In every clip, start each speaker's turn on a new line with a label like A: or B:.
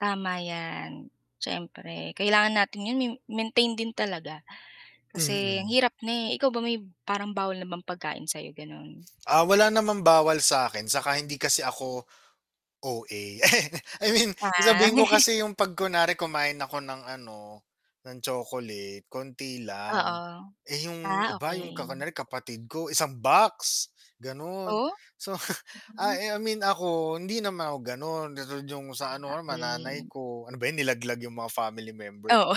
A: Tama yan, siyempre kailangan natin 'yon mi maintain din talaga kasi ang
B: Mm.
A: hirap na eh, ikaw ba may parang bawal na bang pagkain sa'yo, ganon?
B: Ah, wala naman bawal sa'kin saka hindi kasi ako, OA. I mean,
A: Ah.
B: sabihin ko kasi yung 'pag kunwari kumain ako ng ano, ng chocolate konti lang
A: Oo,
B: eh, yung
A: ah,
B: iba yung ka
A: okey.
B: kunyari kapatid ko, isang box, ganon.
A: Oh?
B: So ah, I mean ako hindi naman ako ganon, katulad yung sa ano
A: Tama
B: or ma nanay
A: din.
B: ko. Ano ba yun nilaglag yung mga family members.
A: Oo.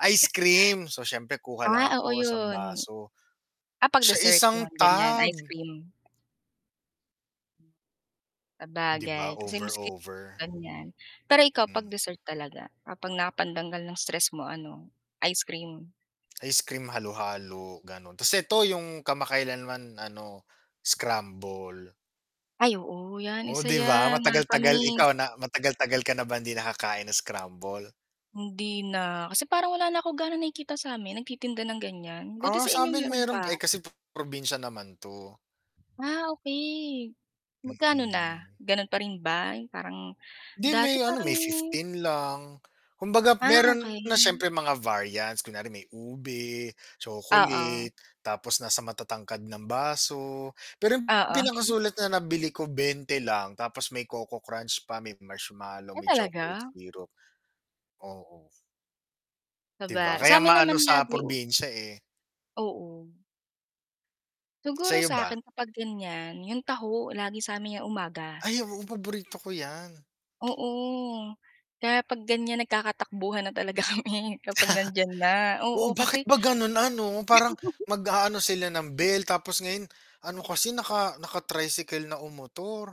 B: Ice cream, so, siyempre kuha lang
A: Ah, oo
B: ako isang
A: yun.
B: baso.
A: Ah, 'pag
B: Siya
A: dessert
B: isang
A: yan ganyan,
B: tub.
A: ice cream.
B: 'Di ba?
A: Sabagay kasi
B: Over,
A: miski
B: over.
A: ganyan, pero ikaw 'pag
B: Mm.
A: dessert talaga, ah, 'pag na pantanggal ng stress mo ano, ice cream?
B: Ice cream halo-halo ganon, tas ito yung kamakailanman ano, scramble.
A: Ay, oo yan,
B: Oh
A: isa
B: 'di ba,
A: yan
B: matagal-tagal,
A: nakakamiss.
B: ikaw na matagal-tagal ka na ba hindi nakakain ng scramble?
A: Hindi na kasi parang wala na akong gaano nakikita sa'min nagtitinda ng ganyan, buti
B: Ah,
A: sa inyo
B: sa'min
A: meron
B: meron eh,
A: pa.
B: kasi po probinsya naman to.
A: Ah ,okay, magkano na?
B: Mm.
A: Ganon pa rin ba yung parang
B: 'Di
A: dati
B: may ano,
A: parang
B: may 15 lang Kumbaga
A: Ah,
B: meron na
A: okay.
B: siyempre mga variants, kunwari may ube,
A: Oo.
B: chocolate, tapos nasa matatangkad ng baso, pero yung
A: Oo.
B: pinakasulit na nabili ko 20 lang tapos may coco crunch pa may marshmallow,
A: Ay,
B: may chocolate
A: talaga?
B: syrup. Oo. Di ba,
A: Saba
B: kaya
A: sa'min naman,
B: maano sa
A: lagiw
B: probinsya eh.
A: Oo.
B: Sa
A: Siguro
B: 'yo ba?
A: sa'kin kapag ganyan yung taho lagi sa'min yang umaga.
B: Ay, oo, paborito ko yan.
A: Oo, kaya 'pag ganyan nagkakatakbuhan na talaga kami kapag nandiyan na
B: Oo,
A: oo,
B: bakit
A: kasi
B: ba ganun ano parang mag-aano sila ng bell tapos ngayon ano kasi naka naka tricycle na um motor.